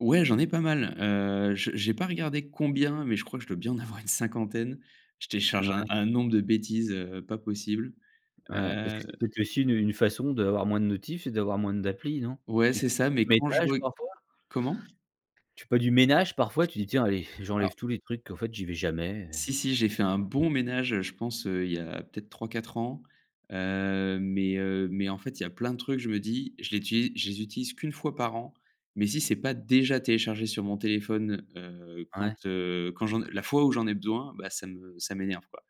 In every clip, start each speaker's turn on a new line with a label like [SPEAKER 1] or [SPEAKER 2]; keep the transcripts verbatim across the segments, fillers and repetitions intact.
[SPEAKER 1] Ouais j'en ai pas mal, heu, je j'ai pas regardé combien, mais je crois que je dois bien en avoir une cinquantaine, je télécharge un
[SPEAKER 2] Mouais.
[SPEAKER 1] un nombre de bêtises, heu, pas possible.
[SPEAKER 2] Ouais parce
[SPEAKER 1] Heu
[SPEAKER 2] que c'est peut-être aussi une une façon d'avoir moins de notifs et d'avoir moins d'applis, non?
[SPEAKER 1] Ouais
[SPEAKER 2] Tu
[SPEAKER 1] c'est ça, mais
[SPEAKER 2] fais
[SPEAKER 1] quand je
[SPEAKER 2] [unintelligible]
[SPEAKER 1] re
[SPEAKER 2] parfois?
[SPEAKER 1] comment?
[SPEAKER 2] Tu fais pas du ménage, parfois? Tu dis: «Tiens allez,
[SPEAKER 1] Ah.
[SPEAKER 2] j'enlève tous les trucs, qu'en fait, j'y vais jamais».
[SPEAKER 1] Si, si j'ai fait un bon ménage, heu, je pense, heu, il y a peut-être trois-quatre ans, heu, mais, heu, mais en fait, il y a plein de trucs, je me dis, je l'uti je les utilise qu'une fois par an, mais si c'est pas déjà téléchargé sur mon téléphone, heu, quand,
[SPEAKER 2] Ouais.
[SPEAKER 1] heu quand, heu la fois où j'en ai besoin, bah ça me ça m'énerve quoi.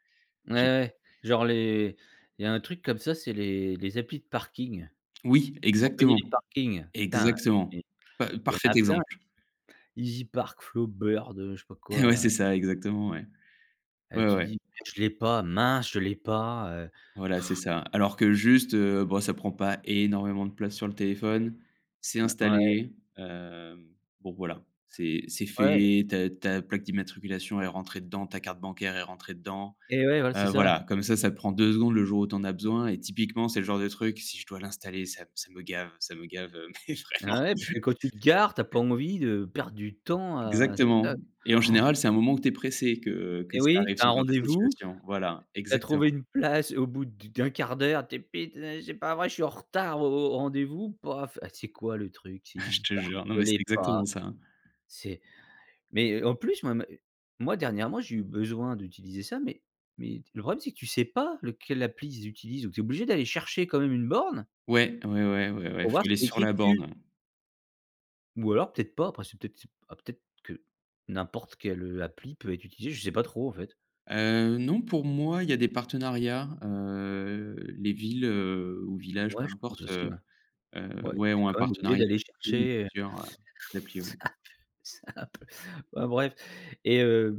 [SPEAKER 2] Ouais,
[SPEAKER 1] J'ai pas
[SPEAKER 2] ouais. Genre les il y a un truc comme ça, c'est les les applis de parking,
[SPEAKER 1] Oui,
[SPEAKER 2] pour payer
[SPEAKER 1] exactement.
[SPEAKER 2] les parkings, putain
[SPEAKER 1] Exactement,
[SPEAKER 2] il
[SPEAKER 1] pa
[SPEAKER 2] y en
[SPEAKER 1] parfait
[SPEAKER 2] a plein.
[SPEAKER 1] exemple.
[SPEAKER 2] EasyPark, Flowbird, je sais pas quoi
[SPEAKER 1] Ouais
[SPEAKER 2] là.
[SPEAKER 1] c'est ça, exactement, ouais,
[SPEAKER 2] Heu,
[SPEAKER 1] ouais, ouais,
[SPEAKER 2] tu
[SPEAKER 1] ouais.
[SPEAKER 2] dis: «Je l'ai pas mince! Je l'ai pas», heu
[SPEAKER 1] Voilà c'est ça. Alors que juste, heu, bah, ça prend pas énormément de place sur le téléphone, c'est
[SPEAKER 2] Ouais ouais.
[SPEAKER 1] installé. Hem, bon voilà, c'est c'est
[SPEAKER 2] Ouais.
[SPEAKER 1] fait ta ta plaque d'immatriculation est rentrée dedans, ta carte bancaire est rentrée dedans.
[SPEAKER 2] Et ouais, voilà c'est
[SPEAKER 1] Heu,
[SPEAKER 2] ça.
[SPEAKER 1] voilà comme ça ça prend deux secondes, le jour où tu en as besoin et typiquement c'est le genre de truc, si je dois l'installer, ça ça me gave ça me gave, mais
[SPEAKER 2] Et
[SPEAKER 1] vraiment.
[SPEAKER 2] ouais parce que quand tu te gares, tu as pas envie de perdre du temps à c'est ça
[SPEAKER 1] Exactement et en général c'est un moment où tu es pressé, que que
[SPEAKER 2] Et
[SPEAKER 1] ça
[SPEAKER 2] oui,
[SPEAKER 1] arrive
[SPEAKER 2] tu as
[SPEAKER 1] ce
[SPEAKER 2] un
[SPEAKER 1] genre de
[SPEAKER 2] rendez-vous,
[SPEAKER 1] situation, voilà
[SPEAKER 2] tu as
[SPEAKER 1] exactement.
[SPEAKER 2] trouvé une place au bout du d'un quart d'heure, tu dis: «Putain, c'est pas vrai, je suis en retard au au rendez vous pour en fait C'est quoi le truc? C'est
[SPEAKER 1] Je te
[SPEAKER 2] Easypark?
[SPEAKER 1] jure, non
[SPEAKER 2] Je
[SPEAKER 1] mais c'est
[SPEAKER 2] l'ai pas,
[SPEAKER 1] exactement ça.
[SPEAKER 2] c'est» Mais, heu, en plus, moi moi dernièrement j'ai eu besoin d'utiliser ça, mais mais le problème c'est que, tu sais pas lequel appli, ils utilisent donc tu es obligé d'aller chercher quand même une borne
[SPEAKER 1] Ouais, ouais, ouais, ouais, ouais
[SPEAKER 2] pour voir
[SPEAKER 1] faut
[SPEAKER 2] ce
[SPEAKER 1] aller
[SPEAKER 2] qu'il y a
[SPEAKER 1] sur
[SPEAKER 2] écrit
[SPEAKER 1] la
[SPEAKER 2] dessus.
[SPEAKER 1] borne ouais.
[SPEAKER 2] Ou alors peut-être pas après c'est peut être c'est peut-être que n'importe quelle, heu, appli peut être utilisée, je sais pas trop en fait.
[SPEAKER 1] Heu, non pour moi, il y a des partenariats, heu, les villes, heu, ou villages
[SPEAKER 2] Ouais
[SPEAKER 1] peu
[SPEAKER 2] je pense
[SPEAKER 1] importe,
[SPEAKER 2] aussi,
[SPEAKER 1] heu
[SPEAKER 2] ouais.
[SPEAKER 1] heu,
[SPEAKER 2] Ouais, donc
[SPEAKER 1] ouais
[SPEAKER 2] tu es
[SPEAKER 1] ont un
[SPEAKER 2] quand même obligé
[SPEAKER 1] partenariat
[SPEAKER 2] d'aller
[SPEAKER 1] ou
[SPEAKER 2] chercher
[SPEAKER 1] plusieurs, heu, applis, oui.
[SPEAKER 2] c'est c'est un peu, enfin bref et heu